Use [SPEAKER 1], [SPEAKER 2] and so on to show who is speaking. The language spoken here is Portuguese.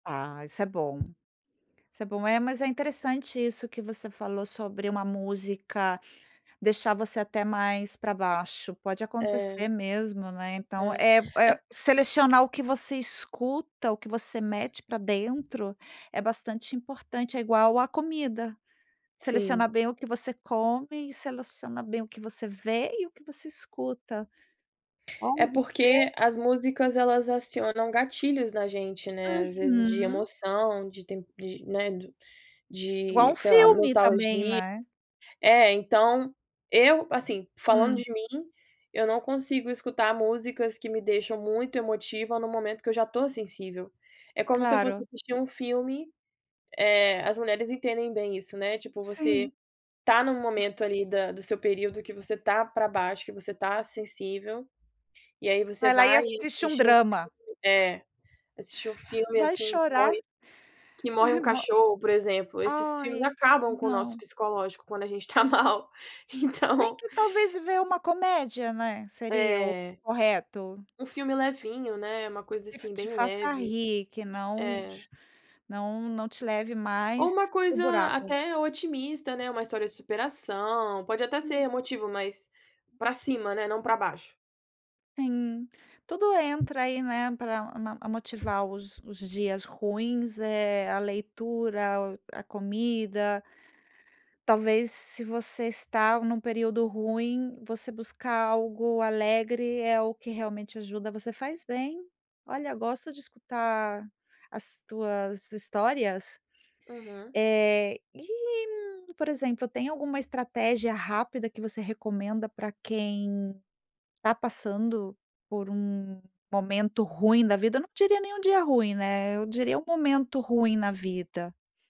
[SPEAKER 1] Ah, isso é bom, isso é bom. É, mas é interessante isso que você falou sobre uma música deixar você até mais pra baixo, pode
[SPEAKER 2] É.
[SPEAKER 1] acontecer mesmo, né. Então
[SPEAKER 2] É.
[SPEAKER 1] é v é
[SPEAKER 2] É
[SPEAKER 1] selecionar o que você escuta, o que você mete pra dentro é bastante importante. É igual a comida,
[SPEAKER 2] Sim.
[SPEAKER 1] selecionar bem o que você come e seleciona bem o que você vê e o que você escuta.
[SPEAKER 2] É
[SPEAKER 1] Olha você
[SPEAKER 2] porque as músicas elas acionam gatilhos na gente, né, às vezes de
[SPEAKER 1] Uhum.
[SPEAKER 2] emoção, de tep de né,
[SPEAKER 1] Igual
[SPEAKER 2] de
[SPEAKER 1] um
[SPEAKER 2] sei lá,
[SPEAKER 1] filme também,
[SPEAKER 2] nostalgi
[SPEAKER 1] né.
[SPEAKER 2] é, então, eu, assim, falando
[SPEAKER 1] Hum.
[SPEAKER 2] de mim, eu não consigo escutar músicas que me deixam muito emotiva no momento que eu já tô sensível. É como se eu fosse
[SPEAKER 1] Claro.
[SPEAKER 2] assistir um filme eh, as mulheres entendem bem isso, né. Tipo, você
[SPEAKER 1] Sim.
[SPEAKER 2] tá num
[SPEAKER 1] O f
[SPEAKER 2] momento ali da do seu período que você tá pra baixo, que você tá sensível e aí você
[SPEAKER 1] Vai lá e
[SPEAKER 2] vai e
[SPEAKER 1] assiste um
[SPEAKER 2] [unintelligible]
[SPEAKER 1] drama.
[SPEAKER 2] é, assiste um filme,
[SPEAKER 1] Vai
[SPEAKER 2] assim, que
[SPEAKER 1] chorar
[SPEAKER 2] morre
[SPEAKER 1] s
[SPEAKER 2] que morre um
[SPEAKER 1] Mo
[SPEAKER 2] cachorro, por exemplo, esses filmes
[SPEAKER 1] Ai!
[SPEAKER 2] acabam com o nosso
[SPEAKER 1] Não.
[SPEAKER 2] psicológico quando a gente tá mal,
[SPEAKER 1] Tem
[SPEAKER 2] então
[SPEAKER 1] que talvez ver uma comédia, né, seria o
[SPEAKER 2] É.
[SPEAKER 1] correto.
[SPEAKER 2] Um filme levinho, né, uma coisa,
[SPEAKER 1] Que f
[SPEAKER 2] assim,
[SPEAKER 1] te
[SPEAKER 2] bem
[SPEAKER 1] faça
[SPEAKER 2] leve.
[SPEAKER 1] rir, que não
[SPEAKER 2] É.
[SPEAKER 1] ch não não te leve
[SPEAKER 2] Ou uma
[SPEAKER 1] mais para o
[SPEAKER 2] coisa
[SPEAKER 1] buraco.
[SPEAKER 2] até otimista, né, uma história de superação, pode até ser
[SPEAKER 1] Hum.
[SPEAKER 2] emotivo, mas pra cima, né, não pra baixo.
[SPEAKER 1] Sim, tudo entra aí, né, pra a motivar os os dias ruins, eh, a leitura, a comida talvez se você está num período ruim, você buscar algo alegre é o que realmente ajuda. Você faz bem. Olha, eu gosto de escutar as tuas histórias.
[SPEAKER 2] Uhum.
[SPEAKER 1] Eh, e, por exemplo, tem alguma estratégia rápida que você recomenda pra quem tá passando por um momento ruim da vida? Não diria nem um dia ruim, né, eu diria um momento ruim na vida.